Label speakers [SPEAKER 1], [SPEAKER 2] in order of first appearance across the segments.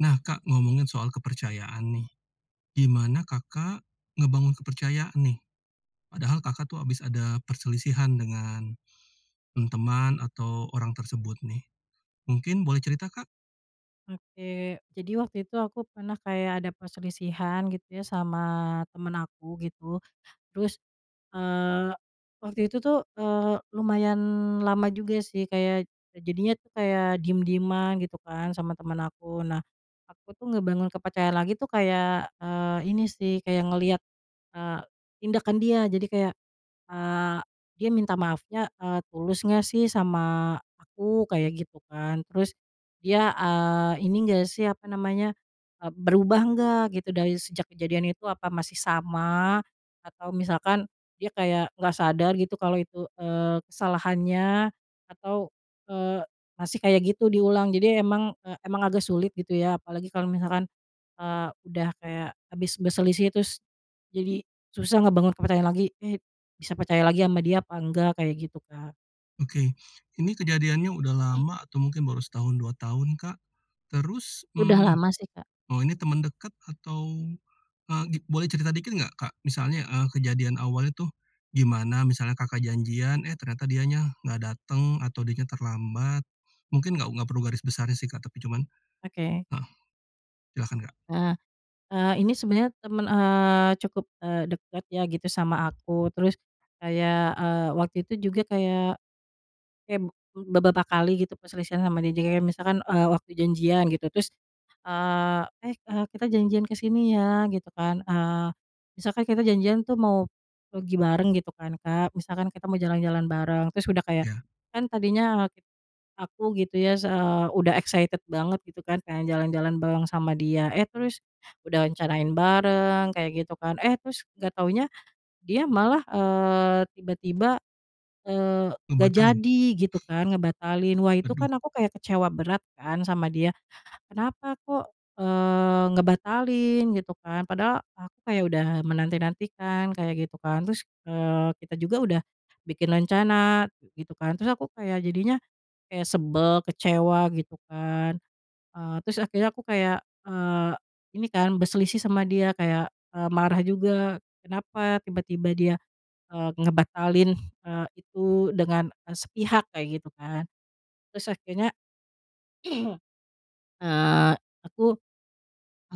[SPEAKER 1] Nah, Kak, ngomongin soal kepercayaan nih, gimana Kakak, ngebangun kepercayaan nih, padahal Kakak tuh habis ada perselisihan dengan, mmm, teman, atau orang tersebut nih, mungkin boleh cerita, Kak?
[SPEAKER 2] Oke, jadi waktu itu aku pernah kayak ada perselisihan gitu ya, sama teman aku gitu, terus, eee, waktu itu tuh, eee, lumayan lama juga sih, kayak jadinya tuh kayak diem-dieman, gitu kan, sama teman aku. Nah, aku tuh ngebangun kepercayaan lagi tuh kayak, eee, ini sih, kayak ngelihat, eee, tindakan dia, jadi kayak, eee, dia minta maafnya, eee, tulus nggak sih sama aku, kaya gitu kan? Terus, dia, eee, ini enggak sih, apa namanya, eee, berubah enggak, gitu, dari sejak kejadian itu, apa masih sama? Atau misalkan, dia kayak nggak sadar gitu, kalau itu, eee, kesalahannya, atau, eee, masih kayak gitu diulang, jadi emang, eee, emang agak sulit gitu ya, apalagi kalau misalkan, eee, udah kayak habis berselisih, terus, jadi susah ngebangun kepercayaan lagi, i bisa percaya lagi sama dia apa enggak, kayak gitu Kak.
[SPEAKER 1] Oke, ini kejadiannya udah
[SPEAKER 2] Eh.
[SPEAKER 1] lama atau mungkin baru setahun, 2 tahun Kak? Terus,
[SPEAKER 2] Udah
[SPEAKER 1] mmm,
[SPEAKER 2] lama sih Kak.
[SPEAKER 1] oh ini teman dekat? Atau, eee, boleh cerita dikit nggak Kak, misalnya, eee, kejadian awalnya tuh, gimana, misalnya Kakak janjian, eh ternyata dianya enggak datang, atau dia terlambat, mungkin enggak perlu garis besarnya sih Kak, tapi cuman,
[SPEAKER 2] Oke.
[SPEAKER 1] heeh, silakan Kak.
[SPEAKER 2] Eh, eee, ini sebenarnya teman, eee, cukup, eee, deket ya gitu sama aku, terus kayak, eee, waktu itu juga kayak kayak be beberapa kali gitu, perselisihan sama dia, jadi kayak misalkan, eee, waktu janjian gitu, terus, eee, "Eh eee, kita janjian ke sini ya," gitu kan, eee, misalkan kita janjian tuh mau pergi bareng, gitu kan Kak, misalkan kita mau jalan-jalan bareng, terus udah kayak,
[SPEAKER 1] Iya.
[SPEAKER 2] kan tadinya aku gitu ya, eee, udah excited banget gitu kan, kayak jalan-jalan bareng sama dia, eh terus, udah rencanain bareng, kayak gitu kan, eh terus nggak taunya, dia malah, eee, tiba-tiba, eee, nggak
[SPEAKER 1] Ngebatalin?
[SPEAKER 2] jadi, gitu kan, ngebatalin, wah itu
[SPEAKER 1] Aduh.
[SPEAKER 2] kan aku kayak kecewa berat kan sama dia, kenapa kok, eee, ngebatalin, gitu kan? Padahal aku kayak udah menanti-nantikan, kayak gitu kan, terus, eee, kita juga udah bikin rencana, gitu kan, terus aku jadinya kayak sebel, kecewa, gitu kan, ah terus akhirnya aku kayak, eee, ini kan, berselisih sama dia kayak, eee, marah juga, kenapa tiba-tiba dia, eee, ngebatalin, eee, itu dengan sepihak, kayak gitu kan? Terus akhirnya, eee, aku,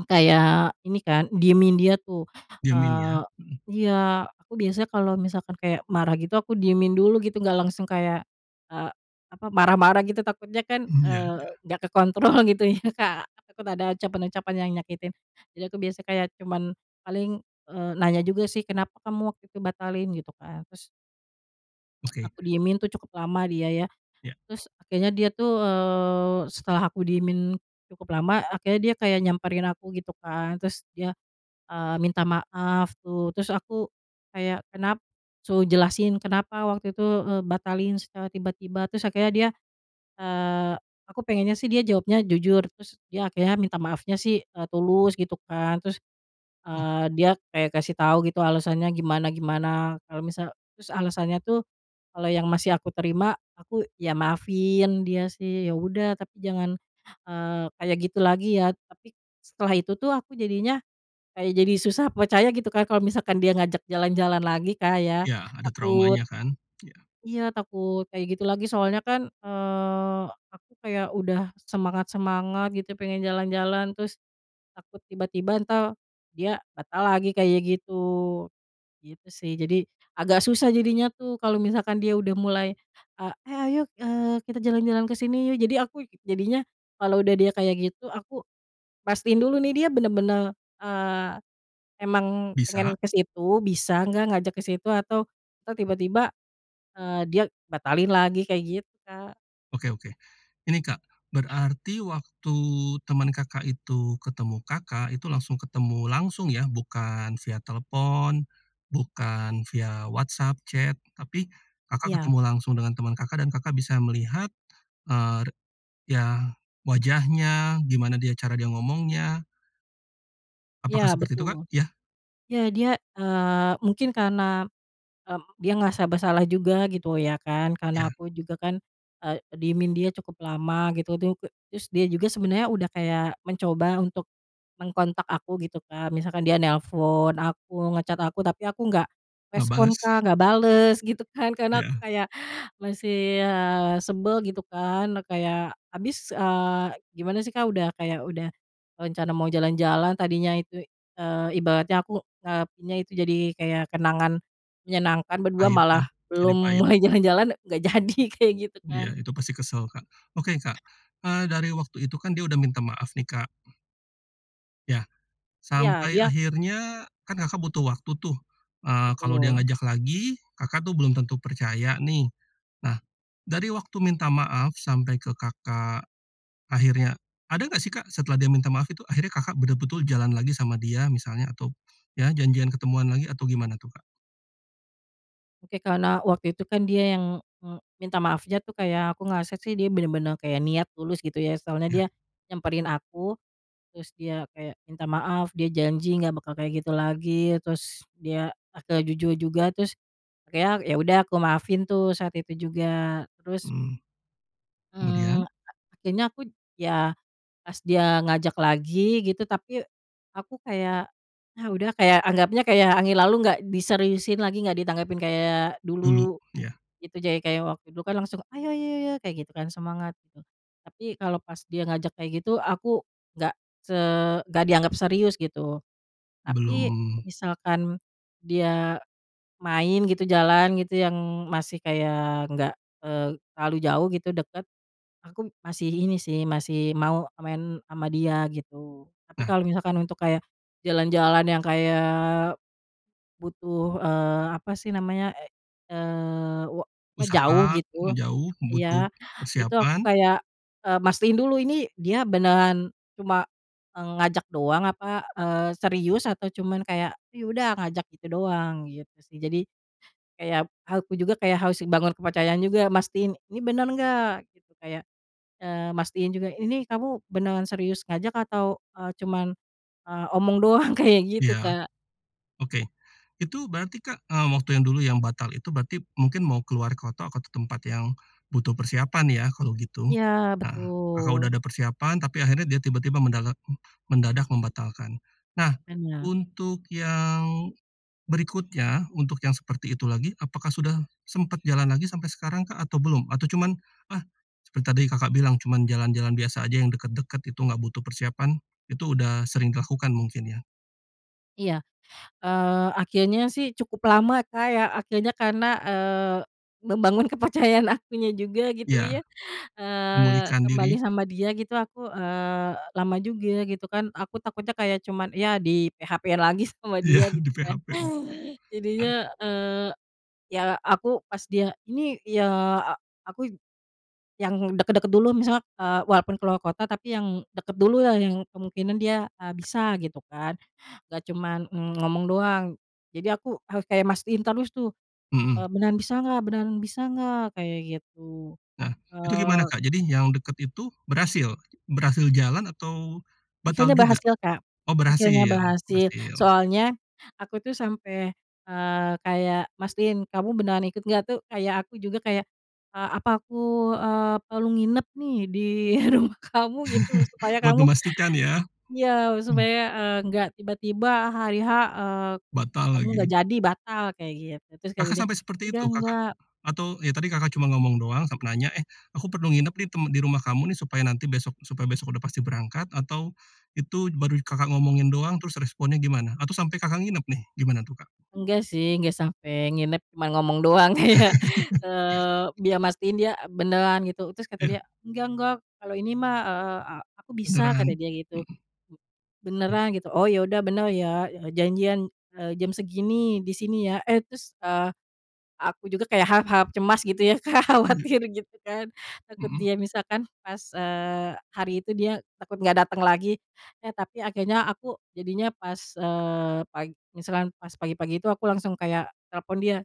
[SPEAKER 2] kayak ini kan, diemin dia tuh,
[SPEAKER 1] Diemin ya?
[SPEAKER 2] eee,
[SPEAKER 1] Heeh.
[SPEAKER 2] iya, aku biasanya kalau misalkan kayak marah gitu, aku diemin dulu gitu, nggak langsung kayak, eee, apa marah-marah gitu, takutnya kan,
[SPEAKER 1] Hmm, ya
[SPEAKER 2] eee,
[SPEAKER 1] ya.
[SPEAKER 2] nggak kekontrol gitu ya, Kak. Aku takut ada ucapan-ucapan yang nyakitin, jadi aku biasanya kayak cuma paling, eee, nanya juga sih, kenapa kamu waktu itu batalin? Gitu kan, terus
[SPEAKER 1] Oke.
[SPEAKER 2] aku diemin tuh cukup lama dia ya.
[SPEAKER 1] Iya.
[SPEAKER 2] Terus, kayanya dia tuh, eee, setelah aku diemin cukup lama, akhirnya dia kayak nyamperin aku, gitu kan. Terus dia, eee, minta maaf gitu, terus aku, kayak, kenap suruh jelasin kenapa waktu itu, eee, batalin secara tiba-tiba. Terus akhirnya dia, eee, aku pengennya sih dia jawabnya jujur, terus dia akhirnya minta maafnya sih, eee, tulus, gitu kan, terus,
[SPEAKER 1] Oh.
[SPEAKER 2] eee, dia kayak ngasih tahu gitu alasannya gimana-gimana, kalau misal, terus alasannya tuh, kalo yang masih aku terima, aku ya maafin dia sih, ya udah, tapi jangan, eee, kayak gitu lagi, ya. Tapi setelah itu tuh aku jadinya, kayak jadi susah percaya, gitu kan, kalo misalkan dia ngajak jalan-jalan lagi Kak ya,
[SPEAKER 1] Iya, ada
[SPEAKER 2] takut.
[SPEAKER 1] traumanya kan? Iya.
[SPEAKER 2] Iya, takut kayak gitu lagi, soalnya kan, eee, aku kayak udah semangat-semangat gitu, pengen jalan-jalan. Terus, takut tiba-tiba entar, dia, batal lagi, kayak gitu. Gitu sih, jadi agak susah jadinya tuh kalo misalkan dia udah mulai ah, "Eh, ayo, eee, kita jalan-jalan ke sini, yuk!" Jadi aku, jadinya, kalo udah dia kayak gitu, aku pastiin dulu nih, dia benar-benar, eee, emang pengen
[SPEAKER 1] Bisa.
[SPEAKER 2] ke situ, bisa nggak ngajak ke situ, atau, ntar tiba-tiba, eee, dia batalin lagi, kayak gitu Kak.
[SPEAKER 1] Oke, oke. Ini Kak, berarti waktu teman Kakak itu ketemu Kakak itu langsung ketemu langsung ya, bukan via telepon, bukan via WhatsApp chat, tapi, Kakak
[SPEAKER 2] Iya.
[SPEAKER 1] ketemu langsung dengan teman Kakak, dan Kakak bisa melihat, eee, ya, wajahnya, gimana dia cara dia ngomongnya?
[SPEAKER 2] Iya,
[SPEAKER 1] Apakah seperti itu kak?
[SPEAKER 2] betul.
[SPEAKER 1] Ya?
[SPEAKER 2] Ya, dia, eee, mungkin karena, mmm, dia ngerasa bersalah juga gitu ya kan, karena
[SPEAKER 1] Ya.
[SPEAKER 2] aku juga kan, eee, diemin dia cukup lama, gitu tuh, terus dia juga sebenarnya udah kayak mencoba untuk mengontak aku gitu Kak, misalkan dia nelpon aku, nge-chat aku, tapi aku nggak
[SPEAKER 1] Enggak
[SPEAKER 2] respon
[SPEAKER 1] bales?
[SPEAKER 2] Kak, nggak bales, gitu kan. Karena aku
[SPEAKER 1] Ya.
[SPEAKER 2] kayak, masih, eee, sebel, gitu kan, kayak habis, ah, gimana sih Kak, udah kayak udah rencana mau jalan-jalan, tadinya itu, eee, ibaratnya aku, eee, nyiapinnya itu jadi kayak kenangan menyenangkan berdua,
[SPEAKER 1] Pahit ya,
[SPEAKER 2] malah
[SPEAKER 1] ini
[SPEAKER 2] belum
[SPEAKER 1] pahit.
[SPEAKER 2] mulai jalan-jalan, nggak jadi, kayak gitu
[SPEAKER 1] Iya,
[SPEAKER 2] kan?
[SPEAKER 1] itu pasti kesel Kak. Oke Kak, eee, dari waktu itu kan, dia udah minta maaf nih Kak? Iya.
[SPEAKER 2] Iya,
[SPEAKER 1] Sampai
[SPEAKER 2] dia.
[SPEAKER 1] akhirnya, kan Kakak butuh waktu tuh, eee, kalau dia
[SPEAKER 2] Betul.
[SPEAKER 1] ngajak lagi, Kakak tuh belum tentu percaya nih. Nah, dari waktu minta maaf sampai ke Kakak, akhirnya, ada enggak sih Kak, setelah dia minta maaf itu akhirnya Kakak betul-betul jalan lagi sama dia, misalnya, atau, ya janjian ketemuan lagi, atau gimana tuh Kak?
[SPEAKER 2] Oke, karena waktu itu kan dia yang, eee, minta maafnya tuh kayak aku ngerasa sih dia benar-benar kayak niat tulus gitu ya, soalnya
[SPEAKER 1] Ya.
[SPEAKER 2] dia nyamperin aku, terus dia kayak minta maaf, dia janji enggak bakal kayak gitu lagi, terus, dia akhirnya jujur juga, terus, akhirnya, ya udah aku maafin tuh, saat itu juga. Terus
[SPEAKER 1] Hmm. Kemudian?
[SPEAKER 2] eee, akhirnya aku ya, pas dia ngajak lagi, gitu, tapi aku kayak, ah udah kayak anggapnya kayak angin lalu, nggak diseriusin lagi, enggak ditanggapi kayak
[SPEAKER 1] Dulu?
[SPEAKER 2] dulu,
[SPEAKER 1] Ya.
[SPEAKER 2] gitu. Jadi kayak waktu itu, kan, langsung, "Ayo ayo ayo ayo!" Kayak gitu kan, semangat gitu, tapi kalau pas dia ngajak kayak gitu, aku enggak se enggak dianggap serius gitu. Tapi,
[SPEAKER 1] Belum.
[SPEAKER 2] misalkan dia main gitu, jalan gitu, yang masih kayak enggak, eee, terlalu jauh gitu, dekat, aku masih ini sih, masih mau main sama dia, gitu. Tapi
[SPEAKER 1] Nah.
[SPEAKER 2] kalau misalkan untuk kayak, jalan-jalan yang kayak butuh, eee, apa sih namanya, eee, wa apa jauh
[SPEAKER 1] Usaha,
[SPEAKER 2] gitu
[SPEAKER 1] menjauh, butuh
[SPEAKER 2] ya, itu aku
[SPEAKER 1] persiapan?
[SPEAKER 2] kayak, eee, mastiin dulu ini dia beneran cuma ngajak doang, apa, eee serius atau cuma kayak, "Oh, ya udah ngajak itu doang?" gitu sih, jadi, kayak aku juga kayak harus bangun kepercayaan juga, mastiin ini benar enggak gitu, kayak, eee, mastiin juga ini kamu beneran serius ngajak atau, eee, cuma, eee, omong doang, kayak gitu,
[SPEAKER 1] Iya.
[SPEAKER 2] Kak.
[SPEAKER 1] Oke. Itu berarti Kak, eee, waktu yang dulu yang batal itu berarti mungkin mau keluar ke kota atau tempat yang, butuh persiapan ya, kalau gitu?
[SPEAKER 2] Iya
[SPEAKER 1] Nah, Kakak udah
[SPEAKER 2] betul.
[SPEAKER 1] ada persiapan, tapi akhirnya dia tiba-tiba mendagak mendadak membatalkan. Nah,
[SPEAKER 2] Benar.
[SPEAKER 1] untuk yang, berikutnya, untuk yang seperti itu lagi, apakah sudah sempat jalan lagi sampai sekarang Kak, atau belum? Atau cuman, ah seperti tadi Kakak bilang, cuman jalan-jalan biasa aja yang dekat-dekat itu, enggak butuh persiapan, itu udah sering dilakukan mungkin ya?
[SPEAKER 2] Iya, eee, akhirnya sih cukup lama Kak ya, akhirnya karena, eee, membangun kepercayaan akunya juga, gitu
[SPEAKER 1] Iya.
[SPEAKER 2] ya. Eee,
[SPEAKER 1] Memulihkan
[SPEAKER 2] kembali
[SPEAKER 1] diri?
[SPEAKER 2] sama dia, gitu aku, eee, lama juga, gitu kan, aku takutnya kayak cuma, ya, di-PHP-in lagi sama
[SPEAKER 1] Iya,
[SPEAKER 2] dia, gitu kan.
[SPEAKER 1] di-PHP betul. Kan.
[SPEAKER 2] Jadinya, eee, ya, aku pas dia ini ya, aku yang dekat-dekat dulu, misalnya, eee, walaupun ke luar kota, tapi yang dekat dululah, yang kemungkinan dia, eee, bisa gitu kan. Enggak cuma, eee, ngomong doang, jadi aku harus kayak mastiin terus tuh, eee,
[SPEAKER 1] Hmm.
[SPEAKER 2] beneran bisa nggak? Beneran bisa nggak? Kayak gitu,
[SPEAKER 1] Nah, itu gimana
[SPEAKER 2] eee.
[SPEAKER 1] Kak? Jadi yang dekat itu, berhasil? Berhasil jalan atau, batal
[SPEAKER 2] Akhirnya
[SPEAKER 1] juga?
[SPEAKER 2] berhasil Kak,
[SPEAKER 1] Oh,
[SPEAKER 2] akhirnya
[SPEAKER 1] berhasil,
[SPEAKER 2] berhasil,
[SPEAKER 1] berhasil.
[SPEAKER 2] soalnya, aku tuh sampai, eee, kayak mastiin kamu beneran ikut nggak, tuh? Kayak aku juga kayak, ah apa aku, eee, perlu nginep nih, di rumah kamu gitu, supaya
[SPEAKER 1] Buat
[SPEAKER 2] kamu,
[SPEAKER 1] memastikan ya?
[SPEAKER 2] ya,
[SPEAKER 1] Uh.
[SPEAKER 2] supaya, eee, nggak tiba-tiba hari-H, eee,
[SPEAKER 1] Batal
[SPEAKER 2] kamu nggak
[SPEAKER 1] lagi?
[SPEAKER 2] jadi batal, kayak gitu, terus kata
[SPEAKER 1] Kakak
[SPEAKER 2] dia,
[SPEAKER 1] sampai seperti
[SPEAKER 2] udah
[SPEAKER 1] itu? Kakak?
[SPEAKER 2] enggak.
[SPEAKER 1] Atau, ya, tadi Kakak cuma ngomong doang sampai nanya, "Eh, aku perlu nginep nih, temp di rumah kamu, nih, supaya nanti besok, supaya besok udah pasti berangkat," atau itu baru Kakak ngomongin doang, terus responnya gimana? Atau sampai Kakak nginep nih, gimana tuh Kak?
[SPEAKER 2] Enggak, sih, enggak sampai nginep, cuma ngomong doang, kayak, eee, biar mastiin dia beneran gitu, terus kata
[SPEAKER 1] Iya.
[SPEAKER 2] dia, "Enggak, enggak, kalo ini mah, eee, aku bisa," kata
[SPEAKER 1] Kendaraan?
[SPEAKER 2] dia, gitu.
[SPEAKER 1] Hmm. Mmm.
[SPEAKER 2] "Beneran, gitu?" "Oh, ya udah, benar ya, janjian eee, jam segini, di sini, ya." Eh, terus, ah, aku juga kayak harap-harap cemas gitu ya Kak,
[SPEAKER 1] Iya.
[SPEAKER 2] khawatir, gitu kan, takut
[SPEAKER 1] Mhm.
[SPEAKER 2] dia misalkan pas, eee, hari itu dia takut nggak datang lagi, eh tapi akhirnya aku jadinya pas eee pagi, misalkan pas pagi-pagi itu aku langsung kayak telepon dia,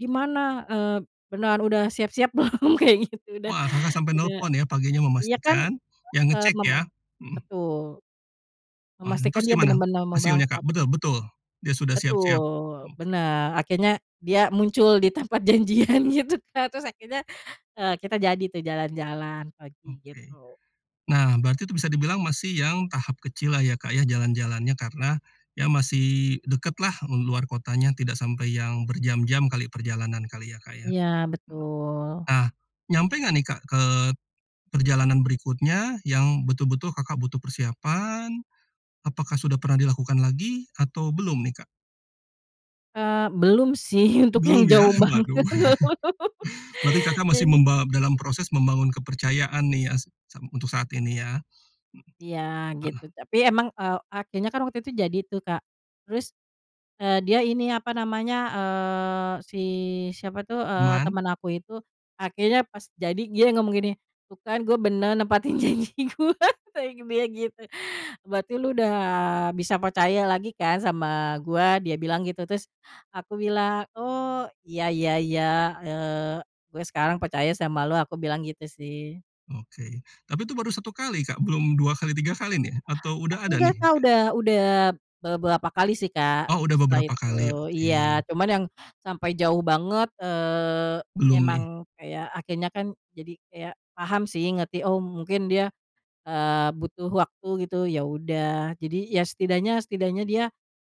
[SPEAKER 2] "Gimana? Eee, beneran udah siap-siap belum?" Kayak gitu, udah
[SPEAKER 1] Wah, Kakak sampai
[SPEAKER 2] udah,
[SPEAKER 1] telepon ya, paginya
[SPEAKER 2] ya kan,
[SPEAKER 1] memastikan, ya
[SPEAKER 2] eee,
[SPEAKER 1] ngecek
[SPEAKER 2] mema
[SPEAKER 1] ya? Hmm.
[SPEAKER 2] betul,
[SPEAKER 1] Wah,
[SPEAKER 2] memastikan
[SPEAKER 1] terus
[SPEAKER 2] dia
[SPEAKER 1] gimana,
[SPEAKER 2] benar-benar mau
[SPEAKER 1] hasilnya Kak?
[SPEAKER 2] berangkat.
[SPEAKER 1] Betul betul dia sudah siap-siap.
[SPEAKER 2] Betul,
[SPEAKER 1] Oke.
[SPEAKER 2] benar, akhirnya dia muncul di tempat janjian, gitu kan, terus akhirnya, eee, kita jadi tuh jalan-jalan, pagi,
[SPEAKER 1] Oke.
[SPEAKER 2] gitu.
[SPEAKER 1] Nah, berarti itu bisa dibilang masih yang tahap kecil lah ya Kak ya, jalan-jalannya karena ya, masih dekatlah, di luar kotanya tidak sampai yang berjam-jam kali perjalanan kali ya, Kak ya?
[SPEAKER 2] Iya betul.
[SPEAKER 1] Nah, nyampe enggak nih Kak, ke perjalanan berikutnya, yang betul-betul Kakak butuh persiapan? Apakah sudah pernah dilakukan lagi atau belum nih Kak?
[SPEAKER 2] Eee, belum sih untuk yang
[SPEAKER 1] Belum ya?
[SPEAKER 2] jauh banget
[SPEAKER 1] Waduh!
[SPEAKER 2] belum.
[SPEAKER 1] Berarti Kakak
[SPEAKER 2] Ya
[SPEAKER 1] masih
[SPEAKER 2] ini.
[SPEAKER 1] membawa dalam proses membangun kepercayaan nih sa untuk saat ini?
[SPEAKER 2] Iya,
[SPEAKER 1] Heeh.
[SPEAKER 2] gitu. Tapi emang, eee, akhirnya kan waktu itu jadi itu Kak, terus, eee, dia ini apa namanya, eee, si siapa tuh, eee,
[SPEAKER 1] Teman.
[SPEAKER 2] teman aku itu, akhirnya pas jadi dia ngomong gini, tuh kan gue benar nempatin janji gue, kata dia gitu, "Berarti lo udah bisa percaya lagi kan, sama gue?" Dia bilang gitu, terus, aku bilang, oh, iya iya iya, eee, gue sekarang percaya sama lo, aku bilang gitu, sih.
[SPEAKER 1] Oke. Tapi itu baru 1 kali Kak, belum 2 kali, 3 kali nih, atau udah ada nih
[SPEAKER 2] Enggak Kak,
[SPEAKER 1] Kak?
[SPEAKER 2] udah udah, beberapa kali sih Kak,
[SPEAKER 1] Oh udah
[SPEAKER 2] setelah
[SPEAKER 1] beberapa
[SPEAKER 2] itu.
[SPEAKER 1] kali?
[SPEAKER 2] Iya,
[SPEAKER 1] Oke.
[SPEAKER 2] cuma yang sampai jauh banget, eee,
[SPEAKER 1] Belum nih.
[SPEAKER 2] emang kayak akhirnya kan, jadi kayak paham sih, ngerti, oh mungkin dia, eee, butuh waktu gitu, ya udah. Jadi, ya, setidaknya setidaknya dia,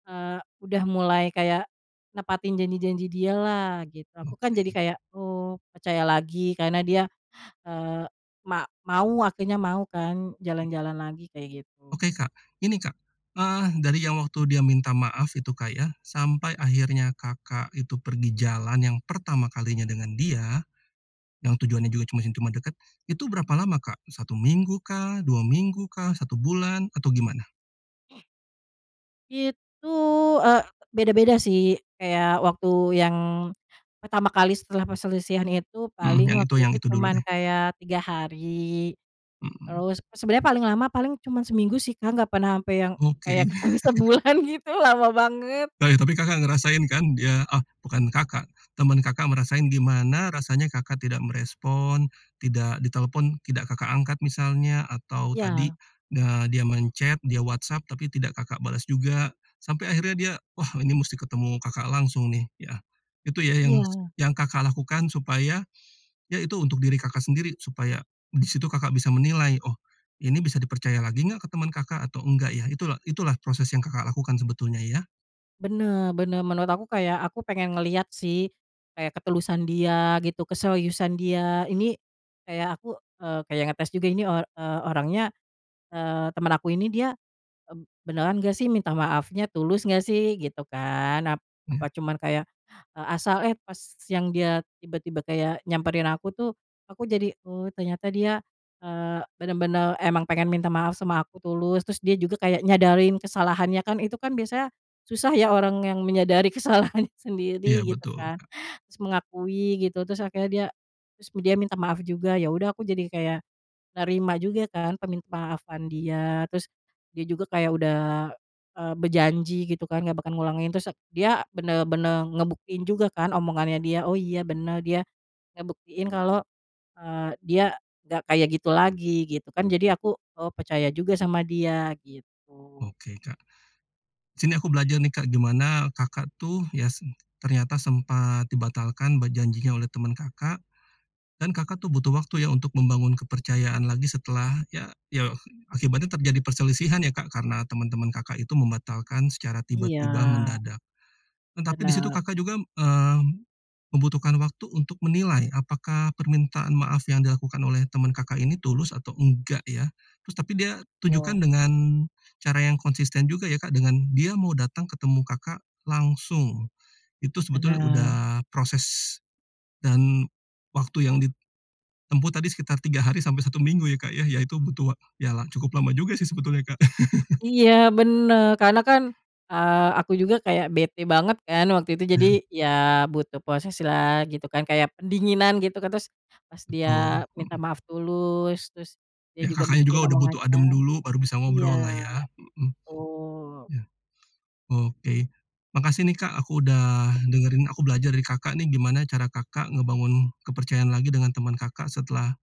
[SPEAKER 2] eee, udah mulai kayak nepatin janji-janji dia lah, gitu. Aku kan jadi
[SPEAKER 1] Oke.
[SPEAKER 2] kayak, oh, percaya lagi, karena dia, eee, ma mau akhirnya mau kan,
[SPEAKER 1] Mmm.
[SPEAKER 2] jalan-jalan lagi, kayak gitu.
[SPEAKER 1] Oke Kak, ini Kak, eee, dari yang waktu dia minta maaf itu Kak ya, sampai akhirnya Kakak itu pergi jalan yang pertama kalinya dengan dia, yang tujuannya juga yang cuma dekat, itu berapa lama Kak? 1 minggu kah? 2 minggu kah? 1 bulan? Atau gimana?
[SPEAKER 2] Itu, eee, beda-beda sih, kayak waktu yang pertama kali setelah perselisihan itu
[SPEAKER 1] Heeh.
[SPEAKER 2] paling
[SPEAKER 1] Yang itu,
[SPEAKER 2] waktu
[SPEAKER 1] yang
[SPEAKER 2] itu
[SPEAKER 1] itu dulu
[SPEAKER 2] cuma
[SPEAKER 1] deh.
[SPEAKER 2] kayak 3 hari,
[SPEAKER 1] Hmm.
[SPEAKER 2] terus sebenarnya paling lama, paling cuma seminggu sih Kak, nggak pernah sampai yang kayak
[SPEAKER 1] Oke.
[SPEAKER 2] ketemu sebulan gitu, lama banget.
[SPEAKER 1] Oh ya, tapi Kakak ngerasain kan dia ah, bukan Kakak, teman Kakak ngerasain gimana rasanya Kakak tidak merespon, tidak ditelepon, tidak Kakak angkat misalnya, atau tadi
[SPEAKER 2] Iya.
[SPEAKER 1] ne dia men-chat, dia WhatsApp, tapi tidak Kakak bales juga, sampai akhirnya dia, "Wah, ini mesti ketemu Kakak langsung, nih," ya? Itu ya,
[SPEAKER 2] Iya.
[SPEAKER 1] yang Kakak lakukan supaya, ya, itu untuk diri Kakak sendiri, supaya di situ Kakak bisa menilai, "Oh, ini bisa dipercaya lagi enggak?" ke teman Kakak atau enggak ya, itulah itulah proses yang Kakak lakukan sebetulnya ya?
[SPEAKER 2] Benar benar, menurut aku kayak aku pengen ngeliat sih, kayak ketulusan dia gitu, keseriusan dia, ini, kayak aku, eee, kayak ngetes juga ini, o eee, orangnya, eee, teman aku ini dia, eee, beneran nggak sih minta maafnya? Tulus nggak sih? Gitu kan, ap apa
[SPEAKER 1] Iya.
[SPEAKER 2] cuma kayak, eee, asal eh pas yang dia tiba-tiba kayak nyamperin aku tuh, aku jadi, oh, ternyata dia, eee, benar-benar emang pengen minta maaf sama aku tulus, terus dia juga kayak nyadarin kesalahannya kan, itu kan biasanya susah ya, orang yang menyadari kesalahannya
[SPEAKER 1] Iya
[SPEAKER 2] sendiri, gitu
[SPEAKER 1] betul,
[SPEAKER 2] kan,
[SPEAKER 1] Kak.
[SPEAKER 2] terus mengakui gitu. Terus akhirnya dia terus dia minta maaf juga, ya udah aku jadi kayak, nerima juga kan, permintamaafan dia. Terus, dia juga kayak udah, eee, berjanji, gitu kan, nggak bakal ngulangin, terus dia benar-benar ngebuktiin juga kan, omongannya dia, oh iya benar, dia, ngebuktiin kalau, eee, dia, nggak kayak gitu lagi, gitu kan, jadi aku, oh, percaya juga sama dia, gitu.
[SPEAKER 1] Oke Kak, sini aku belajar nih Kak, gimana Kakak tuh ya se ternyata sempat, dibatalkan janjinya oleh teman Kakak, dan Kakak tuh butuh waktu ya, untuk membangun kepercayaan lagi setelah, ya, ya akibatnya terjadi perselisihan ya Kak, karena teman-teman Kakak itu membatalkan secara
[SPEAKER 2] Iya.
[SPEAKER 1] tiba-tiba, mendadak. Tetapi di situ
[SPEAKER 2] Benar.
[SPEAKER 1] Kakak juga, eee, membutuhkan waktu untuk menilai, apakah permintaan maaf yang dilakukan oleh teman Kakak ini tulus atau enggak ya? Terus tapi dia,
[SPEAKER 2] Wow.
[SPEAKER 1] tunjukkan dengan, cara yang konsisten juga ya Kak, dengan dia mau datang ketemu Kakak, langsung. Itu sebetulnya udah
[SPEAKER 2] Benar.
[SPEAKER 1] proses, dan waktu yang ditempuh tadi, sekitar 3 hari sampai 1 minggu, ya Kak ya, ya itu butuh wa ya lah cukup lama juga sih sebetulnya Kak.
[SPEAKER 2] Iya, benar, karena kan, eee, aku juga kayak bete banget kan waktu itu, jadi,
[SPEAKER 1] Iya.
[SPEAKER 2] ya, butuh proseslah, gitu kan, kayak pendinginan, gitu kan? Terus, pas dia
[SPEAKER 1] Betul.
[SPEAKER 2] minta
[SPEAKER 1] Hmm.
[SPEAKER 2] maaf tulus, terus dia
[SPEAKER 1] Ya,
[SPEAKER 2] juga
[SPEAKER 1] Kakaknya juga
[SPEAKER 2] buktiin
[SPEAKER 1] udah butuh
[SPEAKER 2] omongannya.
[SPEAKER 1] adem dulu, baru bisa
[SPEAKER 2] Iya,
[SPEAKER 1] ngobrol lah ya? Heeh.
[SPEAKER 2] betul.
[SPEAKER 1] Iya. Oke, makasih nih Kak, aku udah dengerin, aku belajar dari Kakak nih, gimana cara Kakak ngebangun kepercayaan lagi dengan teman Kakak setelah,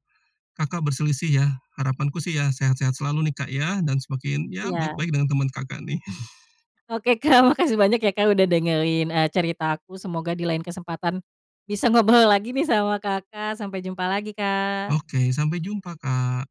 [SPEAKER 1] Kakak berselisih ya. Harapanku sih ya sehat-sehat selalu nih Kak ya, dan semakin, ya,
[SPEAKER 2] Iya.
[SPEAKER 1] baik-baik dengan teman Kakak, nih.
[SPEAKER 2] Oke Kak, makasih banyak ya Kak udah dengerin, eee, cerita aku, semoga di lain kesempatan, bisa ngobrol lagi nih, sama Kakak. Sampai jumpa lagi, Kak!
[SPEAKER 1] Oke, sampai jumpa Kak.